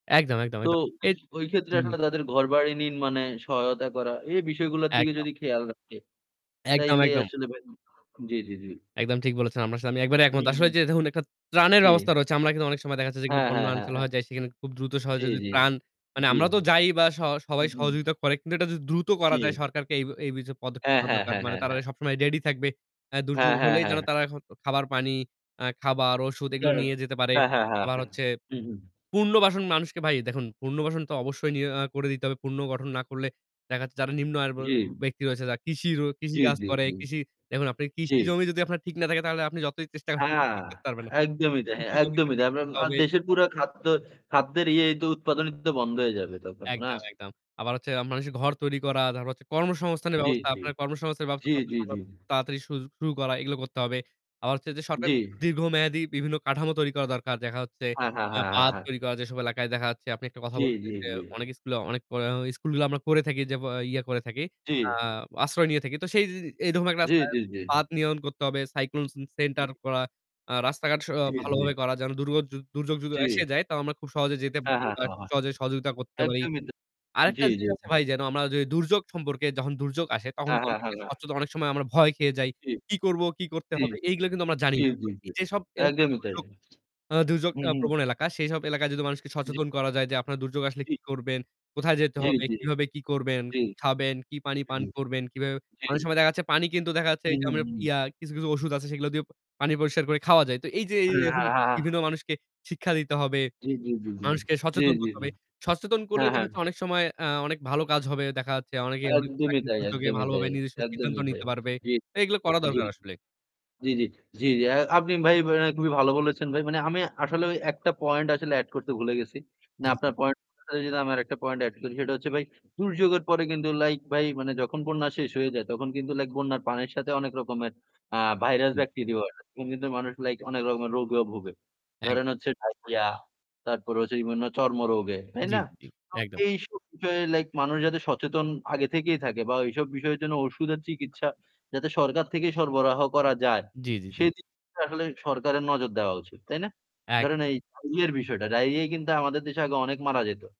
একদম, একদম, তো একদ এট ওই ক্ষেত্রে জি। আসলে তাদের ঘরবাড়ি নিন মানে সহায়তা করা এই বিষয়গুলোর দিকে একদম। যদি খেয়াল রাখে, একদম, তাইলে একদম। আসলে ভাই জ্বী, জ্বী, জ্বী। একদম ঠিক বলেছেন। আপনার সাথে আমি একবারে হুম, একমত। আসলে হুম। যে ধরুন একটা ত্রাণের ব্যবস্থা জী। রয়েছে আমরা কিন্তু অনেক সময় দেখা যাচ্ছে যেগুলো যেগুলো হ্যাঁ, বন্যা হ্যাঁ, হ্যাঁ, অঞ্চল হ্যাঁ। হয়ে যায় সেখানে খুব দ্রুত জ্বী, সহযোগি জ্বী, ত্রাণ মানে জ্বী। আমরা তো যাইই বা স হু, সবাই হুম। সহযোগিতা করে। কিন্তু এটা যদি দ্রুত জি। করা যায় সরকারকে এ এই বিষয়ে পদক্ষেপ হ্যাঁ, নেওয়া হ্যাঁ, দরকার। হ্যাঁ, মানে হ্যাঁ, তারা হ্যাঁ। সবসময় রেডি থাকব। অ্যা দুর্যোগ হ্যাঁ, হ্যাঁ, হলেই হ্যাঁ, যেন হ্যাঁ। তারা এখন খাবার পানি আ খাবার, ওষুধ [unintelligible] এগুলো হ্যাঁ, নিয়ে যেতে পারে। হ্যাঁ, হ্যাঁ, আবার হ্যাঁ। হচ্ছে হু, হু। পুনর্বাসন মানুষকে ভাই দেখুন পুনর্বাসন তো অবশ্যই নিয়ে আ করে দিতে হবে। পূর্ণ গঠন না করলে দেখাচ্ছে যারা নিম্ন আইয়ের বে জ্বী। ব্যক্তি রয়েছে যা কৃষির কৃষি জ্বী, কাজ জ্বী, করে জ্বী। কৃষি দেখুন আপনি কৃষি জ্বী। জমি যদি আপনার ঠিক না থাকে তাহলে আপনি যতই চেষ্টা করেন হ্যাঁ, ঠিক করতে পারবেন না। একদমই তাই এইযে হ্যা, কৃষি জমিটা একদমই ঠিক তাই। আমরা করতে আ হবে। দেশের পুরা খাদ্য খাদ্যের ইয়েই তো উৎপাদনই তো বন্ধ হয়ে যাবে তখন, না? একদম, একদম। আবার হচ্ছে আ মানুষের ঘর তৈরি করা, তারপর হচ্ছে কর্মসংস্থানের জ্বী, ব্যবস্থা। জ্বী, আপনার কর্মসংস্থানের ব্যবস্থা জ্বী, যত জ্বী, সম্ভব জ্বী, জ্বী। তাড়াতাড়ি সুয শুরু করা, এগুলো করতে হবে। আবার হচ্ছে যে সরকারের জ্বী। কিন্তু দীর্ঘমেয়াদী বিভিন্ন কাঠামো তৈরি করা দরকার। দেখা হচ্ছে হ্যাঁ, হ্যাঁ, আ হ্যাঁ, হ্যাঁ, পাহা হ্যাঁ। তৈরি করা যেসব এলাকায় দেখা হচ্ছে। আপনি একটা কথা জ্বী, বললেন যে জ্বী, সে জ্বী। অনেক স্কুলে অনেক অয়া স্কুলগুলো আমরা করে থাকি যে বা ইয়া করে থাকি জ্বী। আ আশ্রয় নিয়ে থাকি। তো সেই যে এইধরনের একটা জ্বী, [unintelligible] জ্বী, জ্বী, জ্বী। বাধ নিয়ম করতে হবে। Cyclone ce জি। center করা, আ রাস্তাঘাট স আ জ্বী, জ্বী। ভালোভাবে করা যেন দুর্গ য দুর্যোগ যদি জ্বী। এসে যায় তাও আমরা খুব সহজে যেতে হ্যাঁ, পারি হ্যাঁ, বা হ্যাঁ, খুব হ্যাঁ। সহজে সহযোগিতা করতে পারি। একদমই তা আরেকটা জ্বী, জ্বী। জিনিস আছে ভাই যেন আমরা যদি দুর্যোগ সম্পর্কে যখন দুর্যোগ আসে তখন হ্যাঁ, কিন্তু হ্যাঁ, আমরা হ্যাঁ, একটা হ্যাঁ। স্বচ্ছতা অনেক সময় আমরা ভয় খেয়ে যাই। জি। কি করবো, কি করতে জ্বী। হবে? এইগুলো কিন্তু আমরা জানি জ্বী, না। তো জ্বী, জ্বী। এইযেসব এলাকায় একদমই তাই। দুর্যোগ আ দুর্যোগ হু, আ হু। প্রবণ এলাকা সেসব এলাকায় যদি মানুষকে জ্বী। সচেতন করা যায় যে আপনার দুর্যোগ আসলে জি। কি করবেন, কোথায় যেতে জী, হবে, জী। কিভাবে কি করবেন, জ্বি। কি খাবেন, কি পানি জি, পান করবেন কিভাবে অনেক জী। সময় দেখা যাচ্ছে পানি কিন্তু দেখা যাচ্ছে হুম, যে হুম, আমরা হুম। ইয়া কিছু, কিছু ঔষুধ আছে সেগুলো দিয়ে পা পানি পরিষ্কার করে খাওয়া যায়। তো এই যে হ্যাঁ, এ হ্যাঁ, হ্যাঁ। বিভিন্ন মানুষকে শিক্ষা দিতে হবে। জ্বী, জ্বী, জ্বী, জ্বী, মানুষকে জ্বী, সচেতন জ্বী, করতে জ্বী। হবে। সচেতন করলেই হ্যাঁ, দেখা হ্যাঁ, যাচ্ছে হ্যাঁ। অনেক সময় আ অনেক ভালো কাজ হবে। দেখা যাচ্ছে অনেকে অনেক একদমই প্রাকৃতিক তাই, দুর্যোগে একদমই তাই, ভালোভাবে নিজস্ব সিদ্ধান্ত একদমই তাই। নিতে পারবে। জি, এগুলো করা জ্বি। দরকার আসলে। জ্বি, জ্বি, জ্বি, জ্বি। আ আপনি ভাই অ্যা খুবই ভালো বলেছেন। ভাই মানে আমি আসলে ওই ১ টা পয়েন্ট আসলে অ্যাড করতে ভুলে গেছি। না জ্বি, জ্বি। আপনার পয়েন্ট [unintelligible] আমি আরেকটা পয়েন্ট অ্যাড করি। সেটা হচ্ছে ভাই দুর্যোগের পরে কিন্তু লাইক ভাই মানে যখন বন্যা শেষ হয়ে যায়, তখন কিন্তু লাইক বন্যার পানির সাথে অনেক রকমের আ ভাইরাস হুম। ব্যাকটেরিয়াও আসে। তখন কিন্তু মানুষগুলো লাইক অনেক রকমের রোগে ভোগে। এক ধরেন হচ্ছে ডায়রিয়া তারপরে হচ্ছে বিভিন্ন চর্মরোগে, তাই জি, না? জি, জি। তো একদম। এইসব বিষয়ে লাইক মানুষ যাতে সচেতন আগে থেকেই থাকে বা ওইসব বিষয়ের জন্য ঔষুধের চিকিৎসা যাতে সরকার থেকেই সরবরাহ করা যায়, জি, জি, জি। সেদিকটায় আসলে সরকারের নজর দেওয়া উচিত, তাই না? এক ধরেন এই ডায়রিয়ার বিষয়টা, ডায়রিয়ায় কিন্তু আমাদের দেশে আগে অনেক মারা যেত।